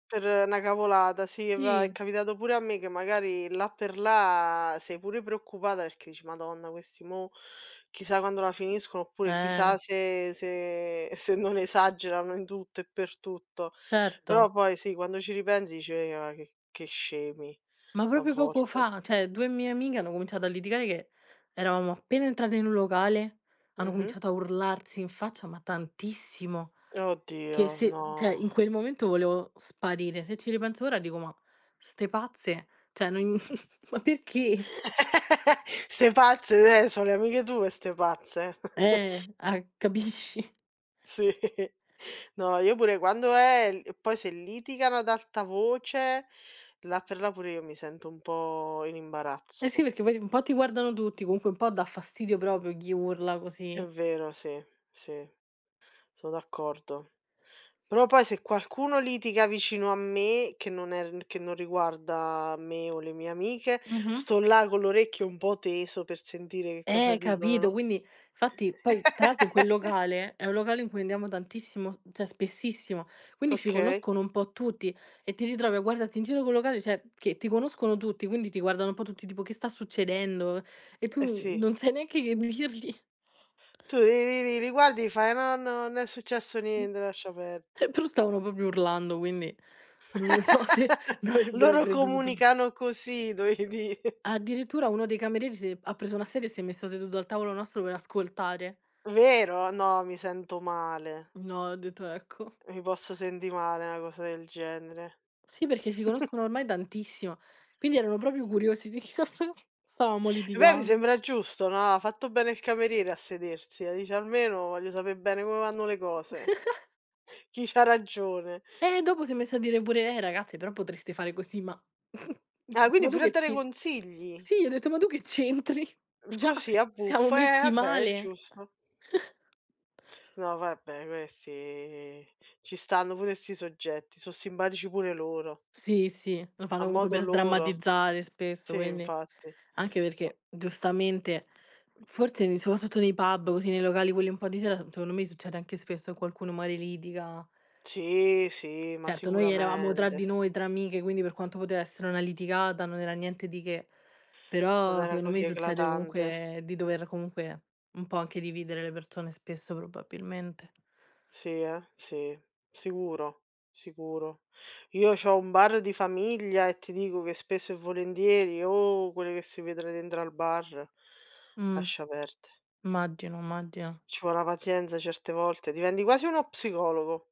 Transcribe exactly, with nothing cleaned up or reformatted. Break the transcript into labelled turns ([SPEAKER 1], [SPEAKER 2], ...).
[SPEAKER 1] Per na cavolata, sì, va è
[SPEAKER 2] Sì.
[SPEAKER 1] capitato pure a me che magari là per là sei pure preoccupata perché dici: "Madonna questi, mo, chissà quando la finiscono" oppure
[SPEAKER 2] Eh.
[SPEAKER 1] "chissà se se se non esagerano in tutto e per tutto."
[SPEAKER 2] Certo.
[SPEAKER 1] Però poi, sì, quando ci ripensi dici: "Ma che che scemi",
[SPEAKER 2] Ma
[SPEAKER 1] a
[SPEAKER 2] proprio poco
[SPEAKER 1] volte.
[SPEAKER 2] fa, ceh, due mie amiche hanno cominciato a litigare che eravamo appena entrate in un locale, hanno
[SPEAKER 1] Mh-mh.
[SPEAKER 2] cominciato a urlarsi in faccia, ma tantissimo. Che
[SPEAKER 1] Oddio,
[SPEAKER 2] se
[SPEAKER 1] no.
[SPEAKER 2] ceh in quel momento volevo sparire. Se ci ripenso ora dico: "Ma 'ste pazze? Cioè non ma perché?"
[SPEAKER 1] Ste pazze, neh, so' le amiche tue e ste pazze.
[SPEAKER 2] Eh! Ah, capisci?
[SPEAKER 1] Sì, no, io pure quando eh, e l e poi se litigano ad alta voce, là per là pure io mi sento un po' in
[SPEAKER 2] Eh sì,
[SPEAKER 1] imbarazzo.
[SPEAKER 2] perché poi un po' ti guardano tutti, comunque un po' dà fastidio proprio chi urla
[SPEAKER 1] È
[SPEAKER 2] così.
[SPEAKER 1] vero, sì, sì. Sono d'accordo. Però poi se qualcuno litiga vicino a me, che non è r che non riguarda me o le mie amiche,
[SPEAKER 2] Mh-mh.
[SPEAKER 1] sto là con l'orecchio un po' teso per sentire che cosa
[SPEAKER 2] Eh,
[SPEAKER 1] dicono,
[SPEAKER 2] capito,
[SPEAKER 1] no?
[SPEAKER 2] quindi fatti poi tra l'altro in quel locale, è un locale in cui andiamo tantissimo, s ceh spessissimo, quindi ci
[SPEAKER 1] Okay.
[SPEAKER 2] conoscono un po' tutti e ti ritrovi a guardarti in giro [unintelligible] locale, cioè, che ti conoscono tutti, quindi ti guardano un po' tutti tipo "Che sta succedendo?" E
[SPEAKER 1] Eh,
[SPEAKER 2] tu
[SPEAKER 1] sì.
[SPEAKER 2] non sai neanche che dirgli.
[SPEAKER 1] Tu li li li li guardi, fai: "No, no, non è successo niente,
[SPEAKER 2] Eh,
[SPEAKER 1] lascia perde."
[SPEAKER 2] però stavano propio urlando, quindi non lo so semi avrebbero
[SPEAKER 1] Loro
[SPEAKER 2] creduto.
[SPEAKER 1] comunicano così dovei di'.
[SPEAKER 2] Addirittura uno dei camerieri s'è ha preso una sedia e si è messo seduto al tavolo nostro per ascoltare.
[SPEAKER 1] Vero? No, mi sento male.
[SPEAKER 2] No, ho detto: "Ecco."
[SPEAKER 1] Mi posso sendi male, 'na cosa del genere.
[SPEAKER 2] Sì, perché si conoscono ormai dantissimo, quindi erano proprio curiosi di che cosa stavamo
[SPEAKER 1] Beh mi
[SPEAKER 2] litigando.
[SPEAKER 1] sembra giusto, no? Ha fatto bene il cameriere a sedersi, là dice: "Almeno voglio sape' bene come vanno le cose". Chi c'ha ragione.
[SPEAKER 2] Eh! Dopo s'è messo a dire pure: "Eh, ragazze, però potreste fare così "ma gli ho
[SPEAKER 1] Ah,
[SPEAKER 2] detto:
[SPEAKER 1] quindi
[SPEAKER 2] "Ma tu
[SPEAKER 1] pure a
[SPEAKER 2] che
[SPEAKER 1] dare
[SPEAKER 2] ci"
[SPEAKER 1] consigli?
[SPEAKER 2] Sì, gli ho detto: "Ma tu che c'entri? Già
[SPEAKER 1] Così a
[SPEAKER 2] siamo
[SPEAKER 1] buffo. Eh,
[SPEAKER 2] messi
[SPEAKER 1] vabbè è
[SPEAKER 2] male".
[SPEAKER 1] giusto. No vabbè questi ci stanno pure 'sti soggetti, so' simbatici pure loro
[SPEAKER 2] Sì, sì, lo fanno
[SPEAKER 1] a
[SPEAKER 2] comunque
[SPEAKER 1] modo
[SPEAKER 2] per
[SPEAKER 1] loro.
[SPEAKER 2] sdrammatizzare spesso,
[SPEAKER 1] Sì,
[SPEAKER 2] quindi.
[SPEAKER 1] infatti.
[SPEAKER 2] Anche
[SPEAKER 1] [unintelligible]
[SPEAKER 2] perché, giustamente, forse [unintelligible] nei pub, così, nei locali quelli un po' di sera, s secondo me succede anche spesso che qualcuno magari litiga.
[SPEAKER 1] Sì, sì, ma
[SPEAKER 2] Certo, noi eravamo tra di
[SPEAKER 1] sicuramente.
[SPEAKER 2] noi, tra amiche, quindi per quanto poteva essere una litigata, non era niente di che.
[SPEAKER 1] Non
[SPEAKER 2] Però
[SPEAKER 1] era
[SPEAKER 2] secondo
[SPEAKER 1] così
[SPEAKER 2] me succede
[SPEAKER 1] eclatante.
[SPEAKER 2] comunque di dover comunque un po' anche dividere le persone spesso, probabilmente.
[SPEAKER 1] Sì, eh. Sì, sicuro, sicuro. Io c'ho un bar di famiglia e ti dico che spesso e volentieri, oh quell che si vedon dentr al bar,
[SPEAKER 2] Mh.
[SPEAKER 1] lascia perde.
[SPEAKER 2] maggino, immaggina.
[SPEAKER 1] Ci vò na pazienza, certe volte, diventi quasi uno psicologo.